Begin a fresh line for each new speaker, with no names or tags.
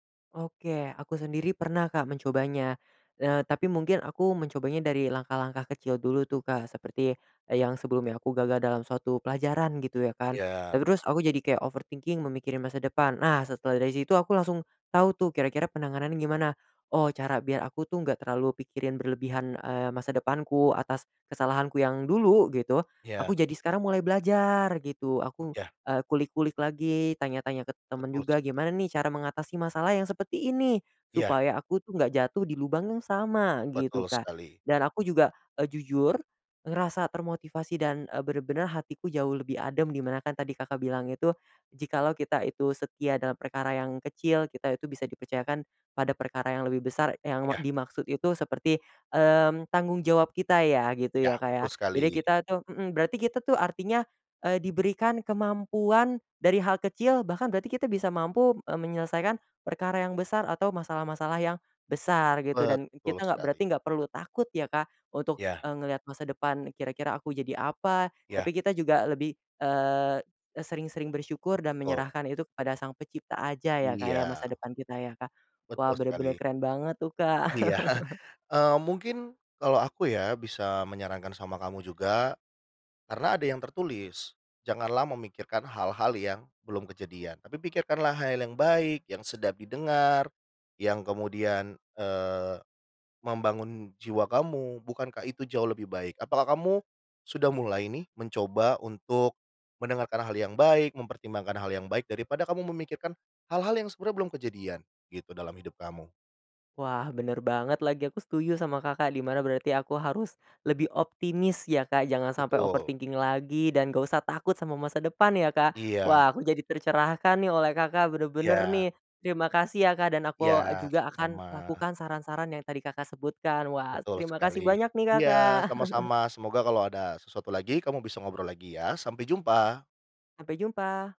Oke, aku sendiri pernah, Kak, mencobanya, eee, tapi mungkin aku mencobanya dari langkah-langkah kecil dulu tuh, Kak, seperti, eee, yang sebelumnya aku gagal dalam suatu pelajaran gitu ya, kan. Eee,
Iya.
terus aku jadi kayak overthinking memikirkan masa depan, nah setelah dari situ aku langsung tau tuh, kira-kira penanganan gimana, oh cara biar aku tuh nggak terlalu pikirin berlebihan, eee, masa depanku atas kesalahanku yang dulu gitu,
Iya.
aku jadi sekarang mulai belajar gitu. Aku,
Iya.
eee, kulik-kulik lagi tanya-tanya ke temen
Betul
juga,
sekali.
"Gimana nih, cara mengatasi masalah yang seperti ini,
Iya.
supaya aku tuh nggak jatuh di lubang yang sama," gitu,
Betul
Kak.
sekali.
Dan aku juga, eee, jujur ngerasa termotivasi dan, eee, bener-bener hatiku jauh lebih adem, di mana kan tadi Kakak bilang itu, "Jikalau kita itu setia dalam perkara yang kecil, kita itu bisa dipercayakan pada perkara yang lebih besar," yang me
Iya.
dimaksud itu seperti, mmm, tanggung jawab kita ya, gitu
Iya.
ya, Kak, ya.
Betul
Jadi
sekali.
kita tuh mhm, berarti kita tuh artinya, eee, diberikan kemampuan, dari hal kecil bahkan berarti kita bisa mampu, eee, menyelesaikan perkara yang besar atau masalah-masalah yang besar gitu, dan e
Betul
kita nggak
sekali.
berarti nggak perlu takut ya, Kak, untuk,
Iya.
eee, ngelihat masa depan kira-kira aku jadi apa, tapi
Iya.
kita juga lebih, eee, e sering-sering bersyukur dan
Betul.
menyerahkan itu kepada sang pencipta aja ya, Kak, ya, masa
Iya.
depan kita ya, Kak. Wah,
Betul
bener-bener
sekali.
keren banget tuh, Kak.
Iya. Eee, mungkin kalau aku ya, bisa menyarankan sama kamu juga, karena ada yang tertulis. Janganlah memikirkan hal-hal yang belum kejadian. Tapi pikirkanlah hal yang baik, yang sedap didengar, yang kemudian, eee, membangun jiwa kamu, bukankah itu jauh lebih baik? Apakah kamu sudah mulai nih mencoba untuk mendengarkan hal yang baik, mempertimbangkan hal yang baik daripada kamu memikirkan hal-hal yang sebenarnya belum kejadian gitu, dalam hidup kamu?
Wah, bener banget lagi, aku setuju sama Kakak, di mana berarti aku harus lebih optimis ya, Kak, jangan sampai
Betul.
overthinking lagi, dan nggak usah takut sama masa depan ya, Kak.
Iya.
Wah, aku jadi tercerahkan nih oleh Kakak, bener-bener
Iya.
nih. Terima kasih ya, Kak, dan
Iya,
aku juga akan
sama-sama.
lakukan saran-saran yang tadi Kakak sebutkan, wah
Betul
terima kasih
sekali.
banyak nih Kakak.
Iya, sama-sama, semoga kalau ada sesuatu lagi kamu bisa ngobrol lagi ya, sampai jumpa.
Sampai jumpa.